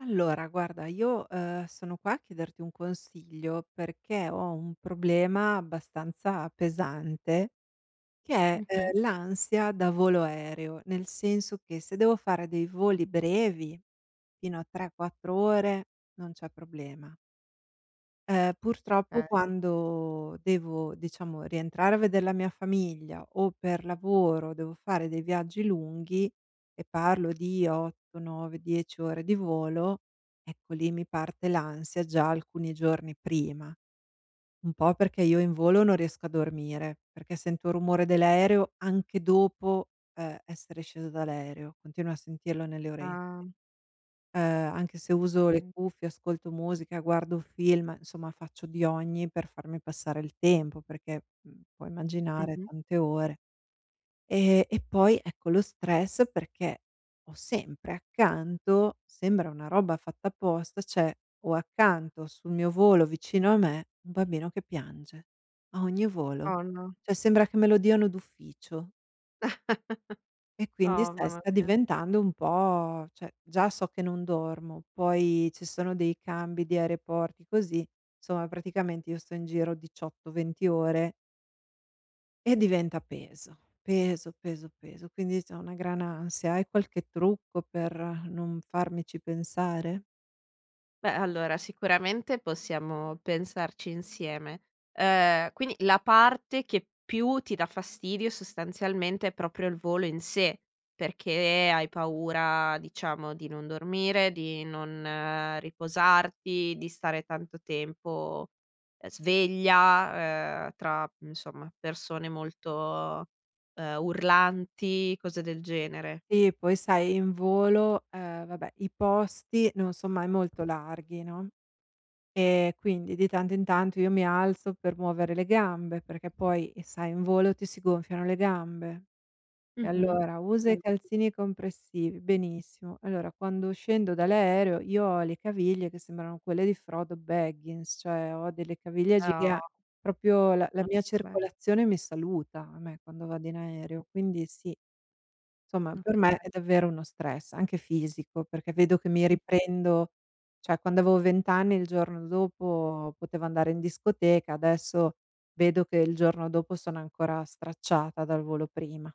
Allora guarda io, ehm, sono qua a chiederti un consiglio perché ho un problema abbastanza pesante che è, Mh-mh. ehm, l'ansia da volo aereo, nel senso che se devo fare dei voli brevi fino a 3, 4 ore, non c'è problema. Ehm, purtroppo Okay. quando devo diciamo rientrare a vedere la mia famiglia o per lavoro devo fare dei viaggi lunghi, e parlo di 8, 9, 10 ore di volo, ecco lì mi parte l'ansia già alcuni giorni prima. Un po' perché io in volo non riesco a dormire, perché sento rumore dell'aereo anche dopo, ehm, essere scesa dall'aereo, continuo a sentirlo nelle orecchie. Ah. Ehm, anche se uso le Okay. cuffie, ascolto musica, guardo film, insomma faccio di ogni per farmi passare il tempo perché, mhmm, puoi immaginare Mh-mh. tante ore. Ehm, e poi ecco lo stress perché ho sempre accanto, sembra una roba fatta apposta, cioè ho accanto sul mio volo vicino a me un bambino che piange. A ogni volo, Oh no. cioè sembra che me lo diano d'ufficio. E quindi Oh sta e mamma sta mia. diventando un po' cioè, già so che non dormo poi ci sono dei cambi di aeroporti così, insomma praticamente io sto in giro 18, 20 ore e diventa peso. Peso, peso, peso. Quindi insomma una gran ansia. Hai qualche trucco per non farmici pensare? Beh, allora, sicuramente possiamo pensarci insieme. Uhm, quindi la parte che più ti dà fastidio sostanzialmente è proprio il volo in sé. Perché hai paura, diciamo, di non dormire, di non riposarti, di stare tanto tempo, ehm, sveglia, uhm, tra, mhmm, insomma persone molto, uhm, urlanti, cose del genere? Sì poi sai in volo, uhm, vabbè i posti non son mai molto larghi, no, e quindi, di tanto in tanto, io mi alzo per muovere le gambe perché poi sai in volo ti si gonfiano le gambe. E Mh-mh. allora usa i Mh. calzini compressivi, benissimo. Allora quando scendo dall'aereo io ho le caviglie che sembrano quelle di Frodo Baggins, cioè ho delle caviglie Oh. giga proprio la la mia [unintelligible] circolazione mi saluta a me quando vado in [unintelligible] aereo, quindi sì. Somma per Okay. me è davvero uno stress anche fisico perché vedo che mi Mh-mh. riprendo cioè quando avevo vent'anni il giorno dopo potevo andare in discoteca, adesso vedo che il giorno dopo sono ancora stracciata dal volo prima.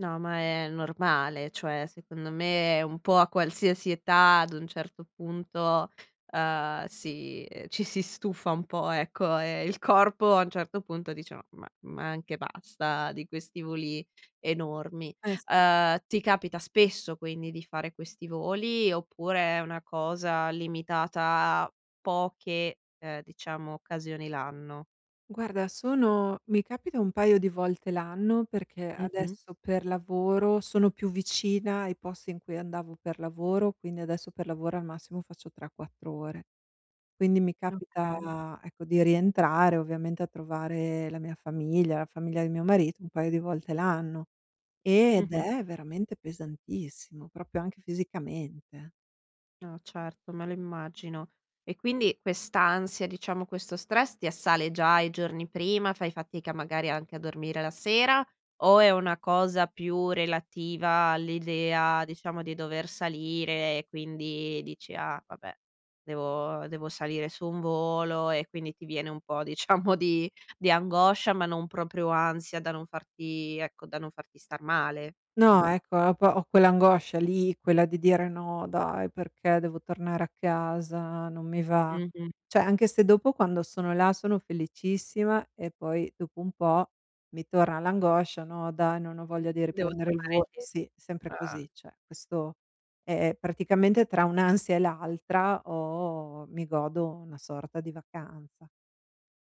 No, ma è normale, cioè secondo me è un po' a qualsiasi età ad un certo punto, uhm, si ci si stufa un po', ecco, e il corpo a un certo punto dice: "Ma ma ma anche basta di questi voli enormi." Eh sì. Uhm, ti capita spesso quindi di fare questi voli, oppure è una cosa limitata a poche, ehm, diciamo, occasioni l'anno? Guarda sono mi capita un paio di volte l'anno perché Mh-mh. adesso per lavoro sono più vicina ai posti in cui andavo per lavoro, quindi adesso per lavoro al massimo faccio 3-4 ore. Quindi mi Okay. capita ecco di rientrare ovviamente a trovare la mia famiglia, la famiglia di mio marito, un paio di volte l'anno, ed Mh-mh. è veramente pesantissimo, proprio anche fisicamente. No certo, me lo immagino. E quindi quest'ansia, diciamo, questo stress ti assale già i giorni prima, fai fatica magari anche a dormire la sera, o è una cosa più relativa all'idea, diciamo, di dover salire e quindi dici: "Ah vabbè. Devo devo salire su un volo" e quindi ti viene un po', diciamo di di angoscia, ma non proprio ansia da non farti ecco, da non farti star male. Mh. No ecco, ho po ho quell'angoscia lì, quella di dire: "No dai perché devo tornare a casa, non mi va." Mh-mh. Cioè anche se dopo quando sono là sono felicissima e poi dopo un po' mi torna l'angoscia: "No dai non ho voglia di Devo riprendere il ritornare vo" indie sì, sempre così. Cioè questo è è praticamente tra un'ansia e l'altra ho mi godo una sorta di vacanza.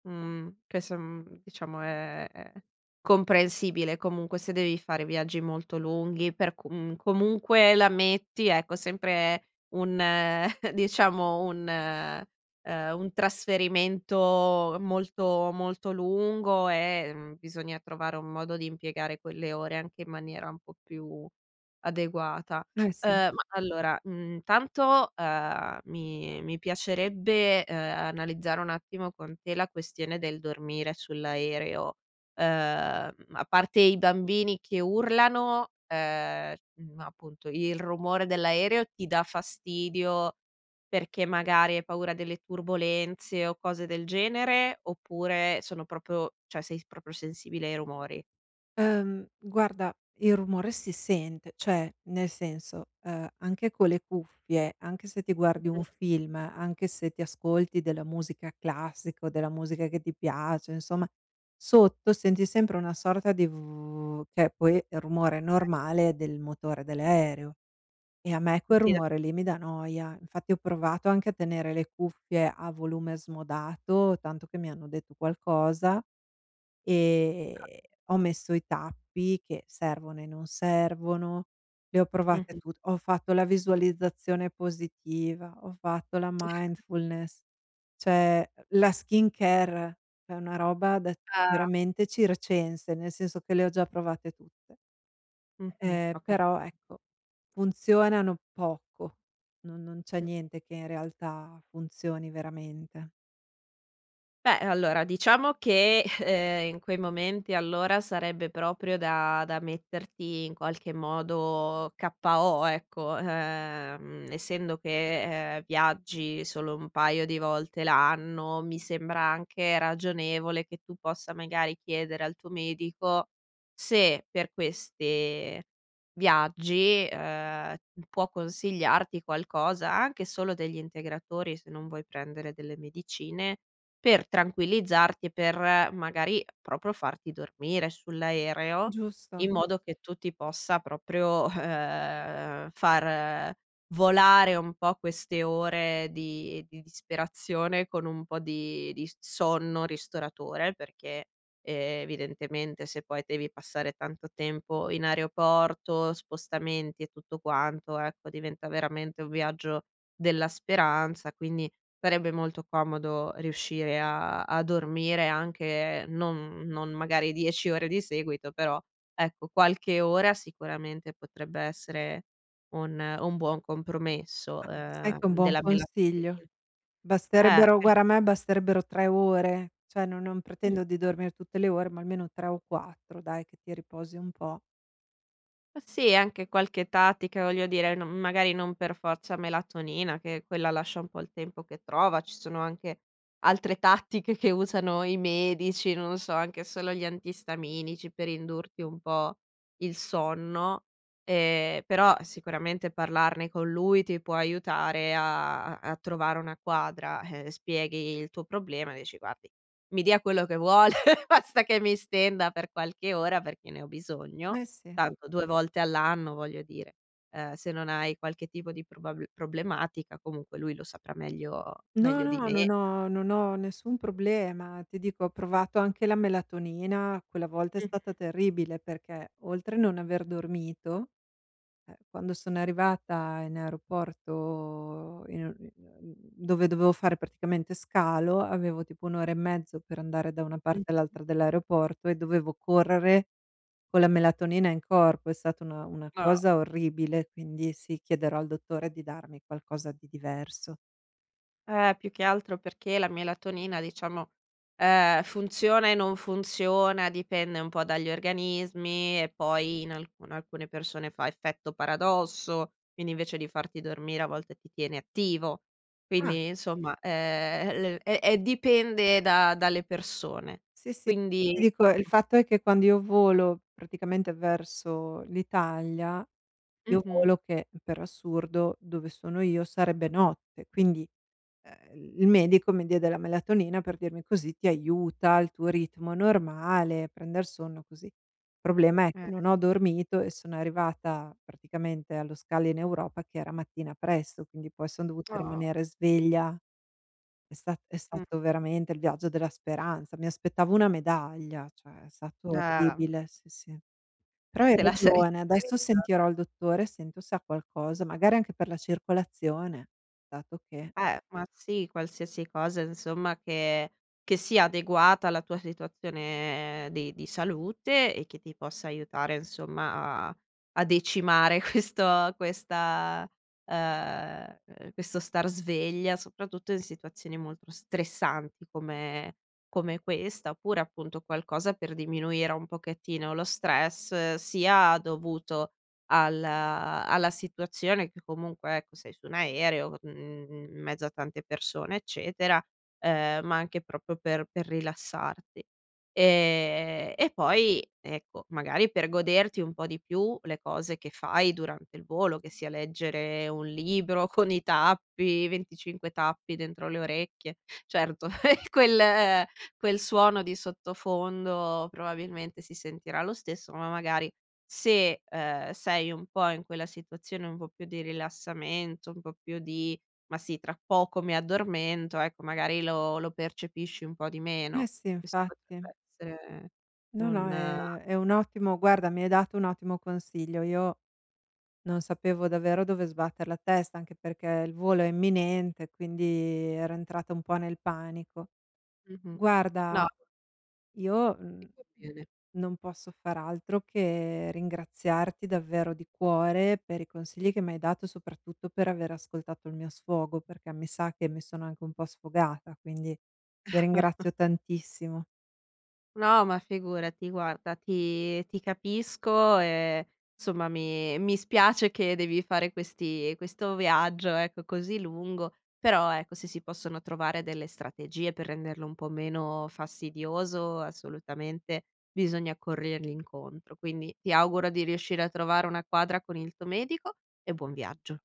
Mhmm, che so mhmm, diciamo è è comprensibile, comunque, se devi fare viaggi molto lunghi per comun comunque la metti, ecco, sempre un diciamo un, ehm un trasferimento molto, molto lungo e, mhmm, bisogna trovare un modo di impiegare quelle ore anche in maniera un po' più adeguata. Eh Uhm, sì. ma allora, mhmm, tanto, uhm, mi mi piacerebbe, uhm, analizzare un attimo con te la questione del dormire sull'aereo. Uhm, a parte i bambini che urlano, ehm, mhmm, appunto, il rumore dell'aereo ti dà fastidio perché magari hai paura delle turbolenze o cose del genere, oppure sono proprio cioè sei s proprio sensibile ai rumori? Ehm, guarda il rumore si sente. Cioè, nel senso, ehm anche con le cuffie, anche se ti guardi un Mh-mh. film, anche se ti ascolti della musica classica, o della musica che ti piace, insomma sotto senti sempre una sorta di v che poi è il rumore Okay. normale del motore dell'aereo e a me quel [unintelligible] rumore lì mi dà noia. Infatti ho provato anche a tenere le cuffie a volume smodato, tanto che mi hanno detto qualcosa Ah. e ho messo i tappi che servono e non servono, le ho provate Mh-mh. tut ho fatto la visualizzazione positiva, ho fatto la mindfulness, cioè, la skincare è una roba da Ah. veramente da circense nel senso che le ho già provate tutte. Mh-mh, Ehm, ho capito. però ecco funzionano poco no non c'è [unintelligible] niente che in realtà funzioni veramente. Beh allora diciamo che, ehm, in quei momenti allora sarebbe proprio da da metterti in qualche modo KO, ecco. Ehm, essendo che, ehm, viaggi solo un paio di volte l'anno, mi sembra anche ragionevole che tu possa, magari, chiedere al tuo medico se, per queste viaggi, ehm, m può consigliarti qualcosa; anche solo degli integratori, se non vuoi prendere delle medicine, per tranquillizzarti e per, magari, proprio farti dormire sull'aereo, Giusto. in modo che tu ti possa proprio, ehm, far volare un po' queste ore di di disperazione con un po' di di s sonno ristoratore. Perché evidentemente se poi devi passare tanto tempo in aeroporto, spostamenti e tutto quanto, ecco, diventa veramente un viaggio della speranza, quindi farebbe molto comodo riuscire a a dormire anche non non magari 10 ore di seguito però, ecco, qualche ora sicuramente potrebbe essere un un buon compromesso, Ma, sai che ehm, è un buon della melatonina. consiglio? Eh. Basterebbero Per guarda a me basterebbero 3 ore, cioè no non Sì. pretendo di dormir tutte le ore ma almeno 3 o 4 dai, che ti riposi un po'. Sì, anche qualche tattica, voglio dire, non magari non per forza melatonina, che quella lascia un po' il tempo che trova. Ci sono anche altre tattiche che usano i medici, non so, anche solo gli antistaminici, per indurti un po' il sonno. Ehm, però, sicuramente, parlarne con lui ti può aiutare a a a trovare una quadra. Eh, spieghi il tuo problema e dici: "Guardi, mi dia quello che vuole, basta che mi stenda per qualche ora, perché ne ho bisogno". Eh sì. Tanto, 2 volte all'anno. Voglio dire, uhm, se non hai qualche tipo di probabl problematica, comunque, lui lo saprà meglio No, meglio di no, non me. ho non ho nessun problema. Ti dico: ho provato anche la melatonina. Quella volta è Mh-mh. stata terribile perché oltre non aver dormito, eh, quando sono arrivata in aeroporto in uhm, mhmm, dove dovevo fare praticamente scalo, avevo, tipo, 1 ora e mezzo per andare da una parte Mh-mh. all'altra dell'aeroporto e dovevo correre con la melatonina in corpo. È stata una una Ah. cosa orribile, quindi, sì, chiederò al dottore di darmi qualcosa di diverso. Eh, più che altro, perché la melatonina, diciamo, ehm, funziona e non funziona, dipende un po' dagli organismi e poi in alcu alcune persone fa effetto paradosso, quindi invece di farti dormire, a volte, ti tiene attivo. Ah. Quindi, insomma, ehm, l è è dipende da dalle persone, Sì, sì. [unintelligible] Ti quindi dico: il ecco. fatto è che quando io volo, praticamente verso l'Italia, io Mh-mh. volo che, per assurdo, dove sono io sarebbe notte. Quindi, uhm, il medico mi diede la melatonina per dirmi così ti aiuta, il tuo ritmo normale, prender sonno, così. Problema è che Eh. non ho dormito e sono arrivata, praticamente, allo scalo in Europa che era mattina presto, quindi poi son dovuta Ah. rimanere sveglia. È sta è Mh. stato veramente il viaggio della speranza. Mi aspettavo una medaglia, cioè è stato Eh. orribile, sì, sì. Però hai Te la saresti ragione, adesso [unintelligible] sentirò il dottore, sento se ha qualcosa, magari anche per la circolazione, dato che Eh, ma, sì, qualsiasi cosa, insomma, che che sia adeguata alla tua situazione di di salute e che ti possa aiutare, insomma, a a decimare questo questa uhm, questo star sveglia, soprattutto in situazioni molto stressanti come come questa. Oppure, appunto, qualcosa per diminuire un pochettino lo stress, sia dovuto al uhm, alla situazione, che, comunque, ecco, sei su un aereo, mhmm, in mezzo a tante persone, eccetera, uhm, ma anche proprio per per rilassarti. Ehm, e poi, ecco, magari, per goderti un po' di più le cose che fai durante il volo, che sia leggere un libro con i tappi, 25 tappi dentro le orecchie. Certo, quel quel suono di sottofondo, probabilmente, si sentirà lo stesso, ma, magari, se, uhm, sei un po' in quella situazione, un po' più di rilassamento, un po' più di "ma sì, tra poco mi addormento". Ecco, magari, lo lo percepisci un po' di Eh meno. sì, Questo infatti. potrebbe essere No, no un è è un ottimo guarda, mi hai dato un ottimo consiglio. Io non sapevo davvero dove sbatter la testa, anche perché il volo è imminente, quindi ero entrata un po' nel panico. Mh-mh. No Guarda, io, mhmm, [unintelligible] bene. non posso far altro che ringraziarti davvero di cuore per i consigli che mi hai dato, soprattutto per aver ascoltato il mio sfogo, perché mi sa che mi sono anche un po' sfogata, quindi ti ringrazio tantissimo. No, ma figurati. Guarda ti ti capisco e, insomma, mi mi spiace che devi fare questi questo viaggio, ecco, così lungo. Però, ecco, se si possono trovare delle strategie per renderlo un po' meno fastidioso, assolutamente, bisogna corrergli incontro, quindi ti auguro di riuscire a trovare una quadra con il tuo medico e buon viaggio.